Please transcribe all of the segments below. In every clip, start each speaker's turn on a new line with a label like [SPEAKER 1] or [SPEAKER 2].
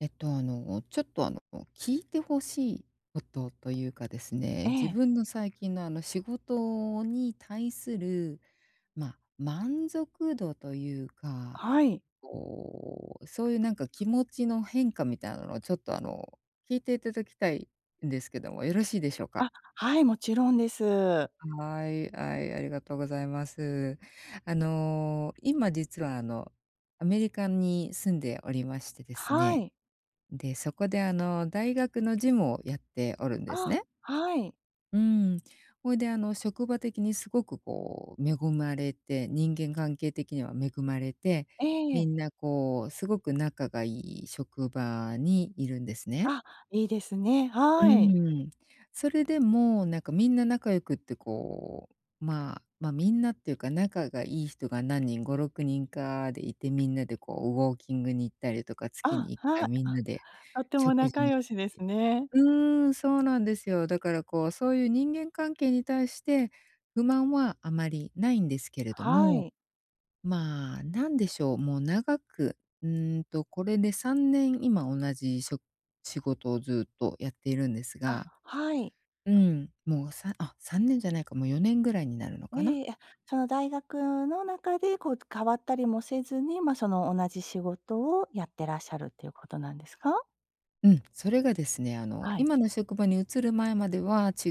[SPEAKER 1] えっと、あの、ちょっと、あの、聞いて欲しいことというかですね、
[SPEAKER 2] え
[SPEAKER 1] 自
[SPEAKER 2] え。
[SPEAKER 1] 分の最近の、あの仕事に対する、まあ、満足度というか、
[SPEAKER 2] はい。
[SPEAKER 1] こう、そういうなんか、気持ちの変化みたいなのを、ちょっとあの、聞いていただきたいんですけども、よろしいでしょうか？
[SPEAKER 2] あ、はい、もちろんです。
[SPEAKER 1] はい、あい。ありがとうございます。あの、今実は、あの、アメリカに住んでおりましてです
[SPEAKER 2] は
[SPEAKER 1] ね、
[SPEAKER 2] い。
[SPEAKER 1] で、そこで、あの、大学の事務をやっておるんです
[SPEAKER 2] あ、
[SPEAKER 1] ね。
[SPEAKER 2] はい。
[SPEAKER 1] うーん。ほいで、あの、職場的にすごくこう、恵まれて、人間関係的には恵まれて、
[SPEAKER 2] え
[SPEAKER 1] み
[SPEAKER 2] え。
[SPEAKER 1] んなこう、すごく仲がいい職場に居るんですね。
[SPEAKER 2] あ、いいですね。
[SPEAKER 1] う
[SPEAKER 2] はい。
[SPEAKER 1] ーん。それでも、なんか、みんな仲良くってこう、まあ、ま、みんなっていうか、仲がいい人が何人、5、6人かで居て、みんなでこう、ウォーキングに行ったりとか、月
[SPEAKER 2] あ、
[SPEAKER 1] にいっか
[SPEAKER 2] は
[SPEAKER 1] い
[SPEAKER 2] あ
[SPEAKER 1] みんなで
[SPEAKER 2] あ、とても
[SPEAKER 1] 食事
[SPEAKER 2] 仲
[SPEAKER 1] に行っ
[SPEAKER 2] 良
[SPEAKER 1] て
[SPEAKER 2] しですね。
[SPEAKER 1] うーん、そうなんですよ。だからこう、そういう人間関係に対して、不満はあまり無いんですけれど
[SPEAKER 2] は
[SPEAKER 1] も、
[SPEAKER 2] い。
[SPEAKER 1] まあ、何でしょう、もう長くうーんと、これで3年、今同じしょ仕事をずっとやっているんです
[SPEAKER 2] あ、
[SPEAKER 1] が。
[SPEAKER 2] はい。
[SPEAKER 1] うん、もうさあ、3年じゃないか、もう4年ぐらいになるのかな。
[SPEAKER 2] ええ。あ、その大学の中で、こう、変わったりもせずに、ま、その同じ仕事をやってらっしゃるっていうことなんですか？
[SPEAKER 1] うん。それがですね、あの、
[SPEAKER 2] はい。
[SPEAKER 1] 今の職場に移る前までは、違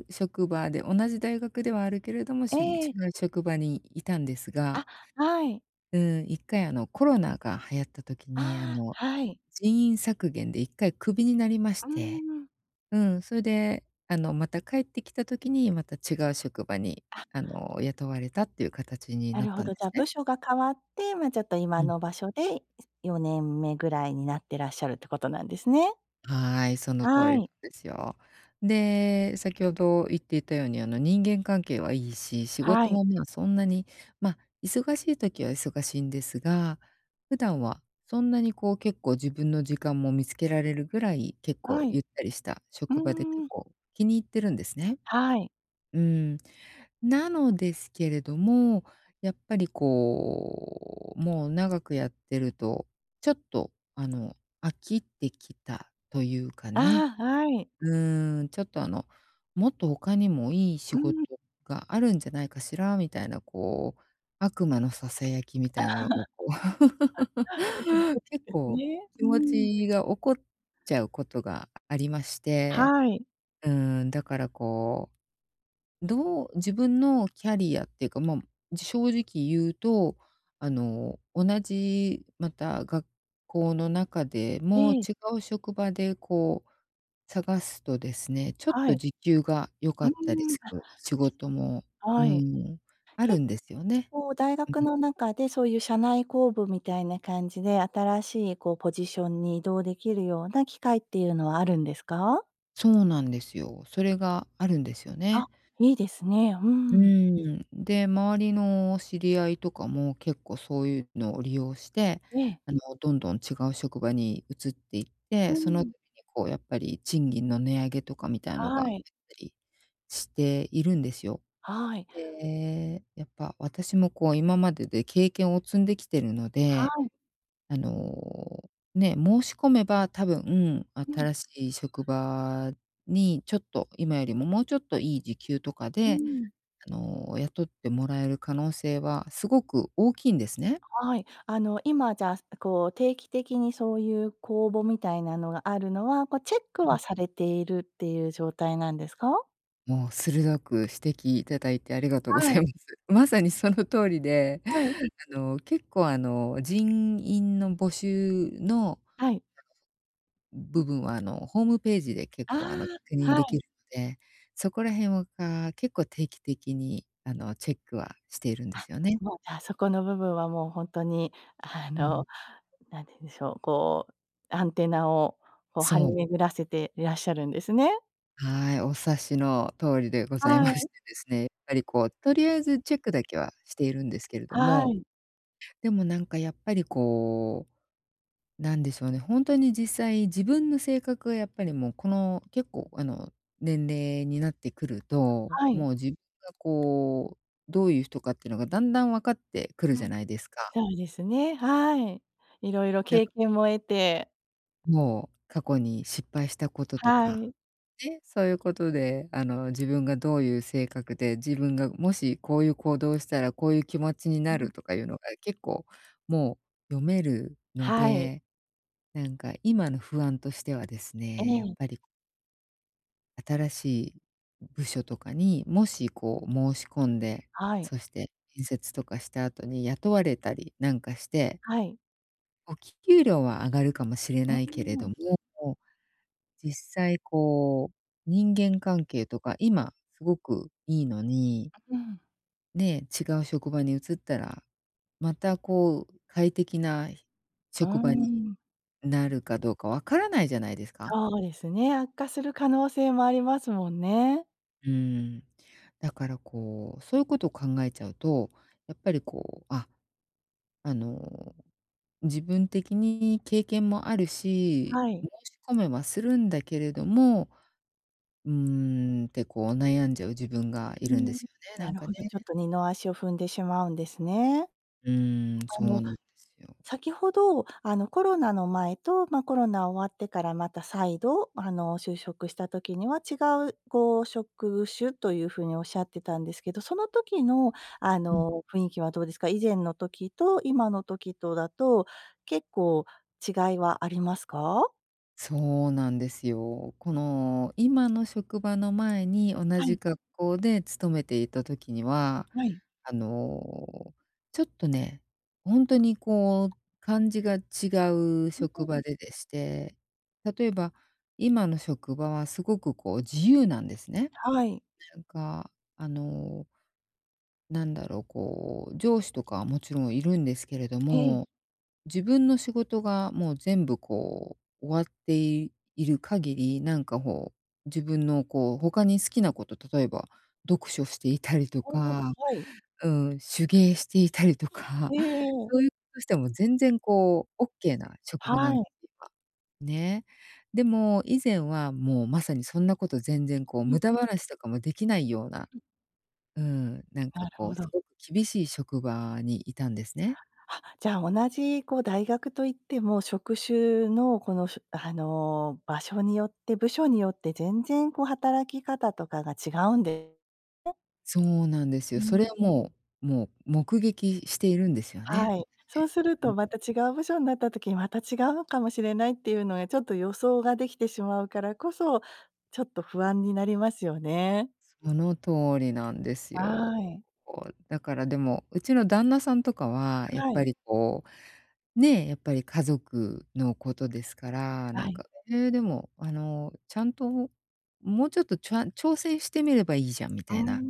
[SPEAKER 1] う職場で同じ大学ではあるけれども、しゅ違
[SPEAKER 2] ええ。
[SPEAKER 1] う職場にいたんです
[SPEAKER 2] あ、
[SPEAKER 1] が。
[SPEAKER 2] はい。
[SPEAKER 1] うん、一回あのコロナが流行った時
[SPEAKER 2] あ
[SPEAKER 1] に、あ
[SPEAKER 2] あ、
[SPEAKER 1] の、
[SPEAKER 2] はい。
[SPEAKER 1] 人員削減で一回クビになりまし
[SPEAKER 2] うー
[SPEAKER 1] て。
[SPEAKER 2] ん。
[SPEAKER 1] うん、それであの、また帰ってきた時に、また違う職場に
[SPEAKER 2] あ。
[SPEAKER 1] あの、雇われたっていう形に
[SPEAKER 2] な
[SPEAKER 1] なっ
[SPEAKER 2] るほ
[SPEAKER 1] たん
[SPEAKER 2] ど。
[SPEAKER 1] で
[SPEAKER 2] じゃあ、
[SPEAKER 1] すね。
[SPEAKER 2] 部署が変わって、まあちょっと今
[SPEAKER 1] うん。
[SPEAKER 2] の場所で、4年目ぐらいになってらっしゃるってことなんですね。
[SPEAKER 1] はい、その通
[SPEAKER 2] は
[SPEAKER 1] りん
[SPEAKER 2] い。
[SPEAKER 1] ですよ。で、先ほど言っていたようにあの、人間関係はいいし、仕
[SPEAKER 2] は
[SPEAKER 1] 事
[SPEAKER 2] い。
[SPEAKER 1] もま、そんなに、ま、忙しい時は忙しいんですが、普段はそんなにこう、結構自分の時間も見つけられるぐらい、結
[SPEAKER 2] は
[SPEAKER 1] 構
[SPEAKER 2] い。
[SPEAKER 1] ゆったりした
[SPEAKER 2] う
[SPEAKER 1] 職場で、結
[SPEAKER 2] ーん。
[SPEAKER 1] 構気に入ってるんですね。
[SPEAKER 2] はい。
[SPEAKER 1] うん。なのですけれども、やっぱりこう、もう長くやってると、ちょっと、あの、飽きてきたというかね。
[SPEAKER 2] ああ、はい。
[SPEAKER 1] うーん、ちょっとあの、もっと他にもいい仕
[SPEAKER 2] う
[SPEAKER 1] 事
[SPEAKER 2] ん。
[SPEAKER 1] があるんじゃないかしらみたいなこう、悪魔のささやきみ
[SPEAKER 2] ああ。
[SPEAKER 1] たいなのがこう。結
[SPEAKER 2] です
[SPEAKER 1] 構
[SPEAKER 2] ね。
[SPEAKER 1] 気
[SPEAKER 2] う
[SPEAKER 1] 持
[SPEAKER 2] ん。
[SPEAKER 1] ちが起こっちゃうことがありまして。
[SPEAKER 2] はい。
[SPEAKER 1] うん、だからこう、どう、自分のキャリアっていうかま、正直言うと、あの、同じまた学校の中でも、
[SPEAKER 2] ええ。
[SPEAKER 1] 違う職場でこう探すとですね、ちょっ
[SPEAKER 2] は
[SPEAKER 1] と
[SPEAKER 2] い。
[SPEAKER 1] 時給が良
[SPEAKER 2] う
[SPEAKER 1] か
[SPEAKER 2] ー
[SPEAKER 1] ったり
[SPEAKER 2] ん。
[SPEAKER 1] す
[SPEAKER 2] あ
[SPEAKER 1] る仕事も、う
[SPEAKER 2] はい。
[SPEAKER 1] ん、あ
[SPEAKER 2] 結
[SPEAKER 1] るんですよね。
[SPEAKER 2] 構大
[SPEAKER 1] う
[SPEAKER 2] 学
[SPEAKER 1] ん。
[SPEAKER 2] の中で、そういう社内公募みたいな感じで、新しいこうポジションに移動できるような機会っていうのはあるんですか？
[SPEAKER 1] そうなんですよ。それがあるんですよ
[SPEAKER 2] あ、
[SPEAKER 1] ね。
[SPEAKER 2] いいですね。う
[SPEAKER 1] う
[SPEAKER 2] ん。
[SPEAKER 1] ん。で、周りの知り合いとかも、結構そういうのを利用して、
[SPEAKER 2] ええ。
[SPEAKER 1] あの、どんどん違う職場に移っていっ
[SPEAKER 2] ふー
[SPEAKER 1] て、その時
[SPEAKER 2] ん。
[SPEAKER 1] にこうやっぱり賃金の値上げとかみたいのがあ
[SPEAKER 2] は
[SPEAKER 1] った
[SPEAKER 2] い。
[SPEAKER 1] りしているんですよ。
[SPEAKER 2] はい。
[SPEAKER 1] で、やっぱ私もこう今までで経験を積んできてるの
[SPEAKER 2] は
[SPEAKER 1] で、
[SPEAKER 2] い。
[SPEAKER 1] あの、ね、申し込めば多分
[SPEAKER 2] うん。
[SPEAKER 1] 新しい職場に、ちょっと今よりももうちょっといい時給とか
[SPEAKER 2] う
[SPEAKER 1] で、
[SPEAKER 2] ん。
[SPEAKER 1] あの雇ってもらえる可能性はすごく大きいんですね。
[SPEAKER 2] はい。あの、今じゃす、あ、こう定期的にそういう公募みたいなのがあるのは、こうチェック
[SPEAKER 1] う
[SPEAKER 2] は
[SPEAKER 1] ん。
[SPEAKER 2] されているっていう状態なんですか？
[SPEAKER 1] もう鋭く指摘いただいてありがとうご
[SPEAKER 2] は
[SPEAKER 1] ざい
[SPEAKER 2] い。
[SPEAKER 1] ます。まさにその通りで、
[SPEAKER 2] はい。
[SPEAKER 1] あの、結構あの、人員の募集の
[SPEAKER 2] はい。
[SPEAKER 1] 部分はあの、ホームページで結
[SPEAKER 2] あ、
[SPEAKER 1] 構あの確認
[SPEAKER 2] は
[SPEAKER 1] でき
[SPEAKER 2] い。
[SPEAKER 1] るので、そこら辺はが、結構定期的にあのチェックはしているんで
[SPEAKER 2] あ、
[SPEAKER 1] すよね。
[SPEAKER 2] もうじゃあそこの部分はもうほんとに、あ
[SPEAKER 1] うん。
[SPEAKER 2] の、何て言うんでしょう、こうアンテナを、こう張り
[SPEAKER 1] そう。
[SPEAKER 2] 巡らせていらっしゃるんですね。
[SPEAKER 1] はい、お察しの通りでござい
[SPEAKER 2] は
[SPEAKER 1] まし
[SPEAKER 2] い。
[SPEAKER 1] てですね、やっぱりこう、とりあえずチェックだけはしているんですけれど
[SPEAKER 2] は
[SPEAKER 1] も。
[SPEAKER 2] い。
[SPEAKER 1] でもなんか、やっぱりこう何でしょうね、ホントに実際自分の性格がやっぱりもうこの、結構あの年齢になってくると、
[SPEAKER 2] はい。
[SPEAKER 1] もう自分がこう、どういう人かっていうのがだんだん分かってくる
[SPEAKER 2] う
[SPEAKER 1] じゃ
[SPEAKER 2] ん、
[SPEAKER 1] ないですか。
[SPEAKER 2] そうですね、はい。色々
[SPEAKER 1] な
[SPEAKER 2] 経
[SPEAKER 1] く
[SPEAKER 2] 験も得て
[SPEAKER 1] もう過去に失敗したことと
[SPEAKER 2] は
[SPEAKER 1] か、
[SPEAKER 2] い。
[SPEAKER 1] ね。そういうことで、あの自分がどういう性格で、自分がもしこういう行動をしたらこういう気持ちに
[SPEAKER 2] うう
[SPEAKER 1] な
[SPEAKER 2] ん。
[SPEAKER 1] るとかいうのが、結構もう読めるの
[SPEAKER 2] はい。
[SPEAKER 1] で。なんか今の不安としてはです
[SPEAKER 2] え
[SPEAKER 1] ね、やっ
[SPEAKER 2] え。
[SPEAKER 1] ぱり、こ新しい部署とかに、もしこう申し込んで、
[SPEAKER 2] はい。
[SPEAKER 1] そして面接とかした後に雇われたりなんかして
[SPEAKER 2] はい。
[SPEAKER 1] お給料は上がるかもしれ
[SPEAKER 2] う
[SPEAKER 1] ないけれ
[SPEAKER 2] ーん。
[SPEAKER 1] ども、実際こう、人間関係とか今すごくいいのに
[SPEAKER 2] うん。
[SPEAKER 1] ね、違う職場に移ったら、またこう快適な
[SPEAKER 2] うー
[SPEAKER 1] 職場に
[SPEAKER 2] ん。
[SPEAKER 1] なるかどうか分からないじゃないですか。
[SPEAKER 2] そうですね、悪化する可能性もありますもんね。
[SPEAKER 1] うん。だからこうそういうことを考えちゃうと、やっぱりこう、ああの、自分的に経験もあるし
[SPEAKER 2] はい。
[SPEAKER 1] 申し込めはするんだけれども、「うーん」ってこう、悩んじゃう自分がい
[SPEAKER 2] う
[SPEAKER 1] るんで
[SPEAKER 2] ん。
[SPEAKER 1] すよね、な
[SPEAKER 2] な
[SPEAKER 1] ん
[SPEAKER 2] る
[SPEAKER 1] か
[SPEAKER 2] ほ
[SPEAKER 1] ね。
[SPEAKER 2] ど。ちょっと二の足を踏んでしまうんですね。
[SPEAKER 1] うーん、
[SPEAKER 2] あ
[SPEAKER 1] そう
[SPEAKER 2] の、
[SPEAKER 1] なんですよ。
[SPEAKER 2] 先ほど、あの、コロナの前と、ま、コロナ終わってからまた再度あの、就職した時には違うご職種という風におっしゃってたんですけど、その時のあ
[SPEAKER 1] うん。
[SPEAKER 2] の、雰囲気はどうですか？以前の時と今の時とだと、結構違いはありますか？
[SPEAKER 1] そうなんですよ。この、今の職場の前に同
[SPEAKER 2] はい。
[SPEAKER 1] じ格好で勤めていた時には、
[SPEAKER 2] はい。
[SPEAKER 1] あの、ちょっとね、ほんとにこう感じが違う
[SPEAKER 2] う、
[SPEAKER 1] 職 場ででして、例えば、今の職場はすごくこう自由なんですね。
[SPEAKER 2] はい。
[SPEAKER 1] なんか、あの、なんだろうこう、上司とかはもちろんいるんですけれど
[SPEAKER 2] ええ。
[SPEAKER 1] も、自分の仕事がもう全部、こう、終わっている限り、なんかほう、自分のこう他に好きなこと、例えば読書していたり と
[SPEAKER 2] ああ、
[SPEAKER 1] か、
[SPEAKER 2] はい。
[SPEAKER 1] うーん手芸していたり とか、
[SPEAKER 2] ええええ。
[SPEAKER 1] そういうことしても全然こうオッケーな職場、な
[SPEAKER 2] は
[SPEAKER 1] んて
[SPEAKER 2] い。
[SPEAKER 1] いうか、ね。でも以前はもうまさにそんなこと全然こう
[SPEAKER 2] う
[SPEAKER 1] 無
[SPEAKER 2] ん
[SPEAKER 1] 駄
[SPEAKER 2] うん。
[SPEAKER 1] 話とかもできないような
[SPEAKER 2] うん。
[SPEAKER 1] うん、なんか
[SPEAKER 2] なる
[SPEAKER 1] こ
[SPEAKER 2] ほ
[SPEAKER 1] う、
[SPEAKER 2] ど。
[SPEAKER 1] すごく厳しい職場にいたんですね。
[SPEAKER 2] あっ、じゃあ同じこう、大学といっても、職種のこのしゅあの、場所によって部署によって全然こう働き方とかが違うんで、ね。
[SPEAKER 1] そうなんです
[SPEAKER 2] う
[SPEAKER 1] よ。それ
[SPEAKER 2] ん。
[SPEAKER 1] はもうもう目撃しているんですよね
[SPEAKER 2] はい、そう
[SPEAKER 1] 私、
[SPEAKER 2] する
[SPEAKER 1] う
[SPEAKER 2] と
[SPEAKER 1] ん。
[SPEAKER 2] また違う部署になった時にまた違うのかもしれないっていうのがちょっと予想ができてしまうからこそ、ちょっと不安になりますよね。
[SPEAKER 1] その通りなんですよ。
[SPEAKER 2] はい。
[SPEAKER 1] こう、だからでも、うちの旦那さんとかは、やっ
[SPEAKER 2] は
[SPEAKER 1] ぱ
[SPEAKER 2] い。
[SPEAKER 1] りこう、ね、やっぱり家族のことですから、な
[SPEAKER 2] は
[SPEAKER 1] ん
[SPEAKER 2] い。
[SPEAKER 1] か、「ええ、でもあの、ちゃんと、もうちょっとちゃ挑戦してみればいいじゃん」み
[SPEAKER 2] うー
[SPEAKER 1] たいな。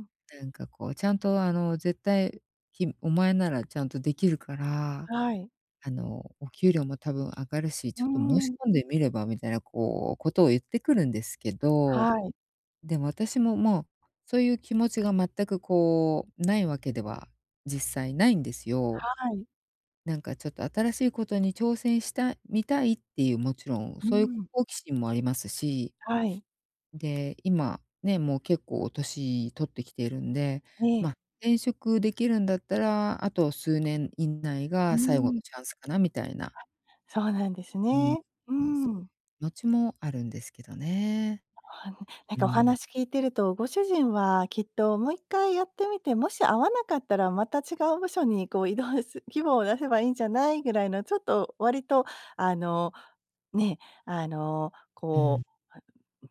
[SPEAKER 2] ん。
[SPEAKER 1] なんかこう、「ちゃんとあの、絶対きお前ならちゃんとできるから、
[SPEAKER 2] はい。
[SPEAKER 1] あの、お給料も多分上がるし、
[SPEAKER 2] う
[SPEAKER 1] ちょ
[SPEAKER 2] ー
[SPEAKER 1] っと申し
[SPEAKER 2] ん。
[SPEAKER 1] 込んでみれば」みたいなこうことを言ってくるんですけど、
[SPEAKER 2] はい。
[SPEAKER 1] でも私も、もうそういう気持ちが全くこうないわけでは実際ないんですよ。
[SPEAKER 2] はい。
[SPEAKER 1] なんかちょっと新しいことに挑戦したみたいっていう、もちろん
[SPEAKER 2] う
[SPEAKER 1] そういう
[SPEAKER 2] ん。
[SPEAKER 1] 好奇心もありますし。
[SPEAKER 2] はい。
[SPEAKER 1] で、今ね、もう結構年取ってきているんで、
[SPEAKER 2] ええ。
[SPEAKER 1] ま、転職できるんだったら、あと数年以内
[SPEAKER 2] うー
[SPEAKER 1] が最後の
[SPEAKER 2] ん。
[SPEAKER 1] チャンスかなみたいな。
[SPEAKER 2] あ、そうなんです
[SPEAKER 1] うん。
[SPEAKER 2] ね。う
[SPEAKER 1] [unintelligible]
[SPEAKER 2] ん。
[SPEAKER 1] のちもあるんですけどね。
[SPEAKER 2] ああ。なん
[SPEAKER 1] う
[SPEAKER 2] かお
[SPEAKER 1] ん。
[SPEAKER 2] 話聞いてると、ご主人はきっともう1回やってみて、もし合わなかったらまた違う部署にこう異動す希望を出せばいいんじゃないぐらいの、ちょっと割とあのね、あの
[SPEAKER 1] う
[SPEAKER 2] こ
[SPEAKER 1] ん。
[SPEAKER 2] うあ、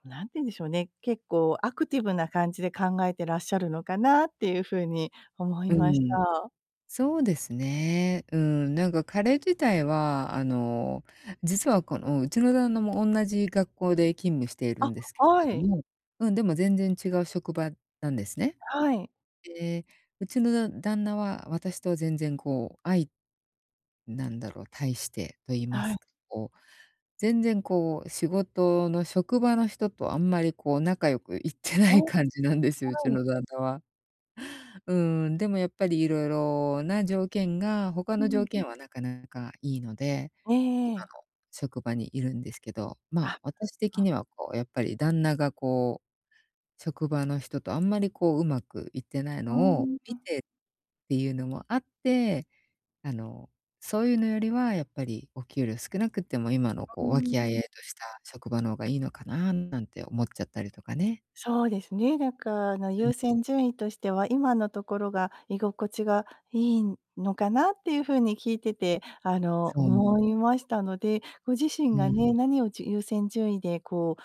[SPEAKER 2] 何て言うんでしょうね、結構アクティブな感じで考えてらっしゃるのかなっていう風に思い
[SPEAKER 1] う
[SPEAKER 2] まし
[SPEAKER 1] ん。
[SPEAKER 2] た。
[SPEAKER 1] そうですね、うん。なんか彼自体はあの、実はこのうちの旦那もおんなじ学校で勤務している
[SPEAKER 2] あ、
[SPEAKER 1] んですけ
[SPEAKER 2] は
[SPEAKER 1] れど
[SPEAKER 2] い。
[SPEAKER 1] もうん、でも全然違う職場なんですね。
[SPEAKER 2] はい。
[SPEAKER 1] で、うちのだ旦那は私と全然こ、あいなんだろう…対してと言いま
[SPEAKER 2] はい。
[SPEAKER 1] すかこう、全然こう仕事の職場の人とあんまりこう仲良くいってな
[SPEAKER 2] ああ、
[SPEAKER 1] い感じなんですよ、うち
[SPEAKER 2] はい。
[SPEAKER 1] の旦那は。うん、でもやっぱり色々な条件がほか
[SPEAKER 2] う
[SPEAKER 1] の
[SPEAKER 2] ん。
[SPEAKER 1] 条件はなかなかいいので、
[SPEAKER 2] ええ
[SPEAKER 1] 今
[SPEAKER 2] ええ。
[SPEAKER 1] の職場にいるんですけど。ま、
[SPEAKER 2] あ、
[SPEAKER 1] 私的
[SPEAKER 2] あ。
[SPEAKER 1] にはこうやっぱり旦那がこう職場の人とあんまりこううまくいってない
[SPEAKER 2] あ
[SPEAKER 1] のを見
[SPEAKER 2] あ。
[SPEAKER 1] てっていうのもあって、あの、そういうのよりはやっぱりお給料少なくっても、今の
[SPEAKER 2] あう
[SPEAKER 1] こ
[SPEAKER 2] ー
[SPEAKER 1] う和気あいあ
[SPEAKER 2] ん。
[SPEAKER 1] いとした職場のがいいのかななんて思っちゃったりとかね。
[SPEAKER 2] そうですね。だから、
[SPEAKER 1] うん。
[SPEAKER 2] 優先順位としては、今のところが居心地がいいのかなっていう風に、聞いてて、あの、
[SPEAKER 1] そう。
[SPEAKER 2] 思いましたので、ご自身
[SPEAKER 1] う
[SPEAKER 2] が
[SPEAKER 1] ん。
[SPEAKER 2] ね何をじ優先順位でこ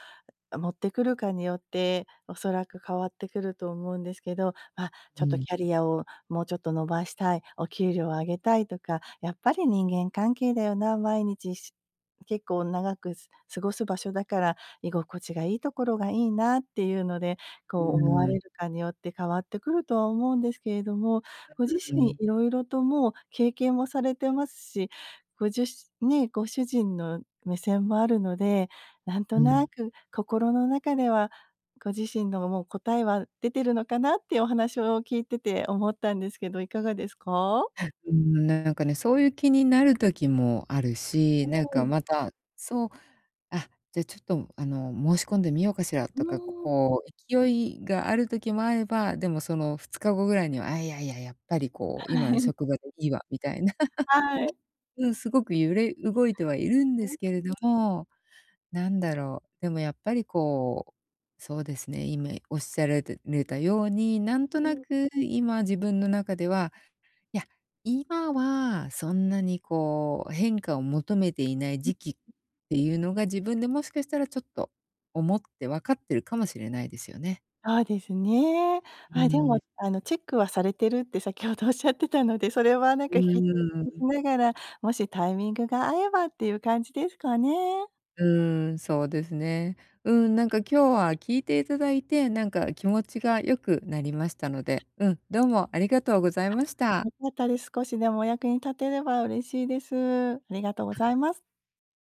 [SPEAKER 2] う持ってくるかによっておそらく変わってくると思うんですけど。ま、「ちょ
[SPEAKER 1] う
[SPEAKER 2] っと、
[SPEAKER 1] ん。
[SPEAKER 2] キャリアをもうちょっと伸ばしたい」、「お給料を上げたい」とか、「やっぱり人間関係だよな、毎日し結構長く過ごす場所だから居心地がいいところがいいな」っていうので
[SPEAKER 1] う
[SPEAKER 2] こう、思わ
[SPEAKER 1] ー
[SPEAKER 2] れ
[SPEAKER 1] ん。
[SPEAKER 2] るかによって変わってくるとは思うんですけれども、
[SPEAKER 1] あ、
[SPEAKER 2] ご自
[SPEAKER 1] う、う
[SPEAKER 2] 身
[SPEAKER 1] ん。
[SPEAKER 2] いろいろともう経験もされてますし、ごじゅしね、ご主人の目線もあるので、なんと
[SPEAKER 1] う
[SPEAKER 2] な
[SPEAKER 1] ん。
[SPEAKER 2] く心の中ではご自身のもう答えは出てるのかなっていう、お話を聞いてて思ったんですけど、いかがですか？
[SPEAKER 1] うん、な-なんかね、そういう気になる時もあるし、
[SPEAKER 2] う
[SPEAKER 1] なんか
[SPEAKER 2] ん。
[SPEAKER 1] またそう、「あ、じゃあちょっとあの、申し込んでみようかしら」
[SPEAKER 2] う
[SPEAKER 1] とか、
[SPEAKER 2] ーん。
[SPEAKER 1] こう勢いがある時もあれば、でもその2日後ぐらいには、「あ、いやいやいや、やっぱりこう今
[SPEAKER 2] は
[SPEAKER 1] の
[SPEAKER 2] い。
[SPEAKER 1] 職場でいいわ」みたいな
[SPEAKER 2] あ、はい。
[SPEAKER 1] うん、すごく揺れ動いてはいるんで
[SPEAKER 2] は
[SPEAKER 1] すけれ
[SPEAKER 2] い。
[SPEAKER 1] ども、なんだろう、でもやっぱりこうそうですね、今おっしゃられたれたように、なんと
[SPEAKER 2] う
[SPEAKER 1] な
[SPEAKER 2] ん。
[SPEAKER 1] く今自分の中では、「いや、今はそんなにこう変化を求めていない
[SPEAKER 2] うん。
[SPEAKER 1] 時期」っていうのが、自分でもしかしたらちょっと思ってわかってるかもしれないですよね。
[SPEAKER 2] そうですね。
[SPEAKER 1] う
[SPEAKER 2] あ、でも
[SPEAKER 1] ん。
[SPEAKER 2] あのチェックはされてるって先ほどおっしゃってたので、それはなん
[SPEAKER 1] う
[SPEAKER 2] か引き続
[SPEAKER 1] ー
[SPEAKER 2] きし
[SPEAKER 1] ん。
[SPEAKER 2] ながら、もしタイミングが合えばっていう感じですかね。
[SPEAKER 1] うーん、そうですね。うん、なんか今日は聞いていただいてなんか気持ちが、良くなりましたので、うん、どうもありがとうござい
[SPEAKER 2] あ、
[SPEAKER 1] ました。
[SPEAKER 2] 良かったです。少しでもお役に立てれば嬉しいです。ありがとうございます。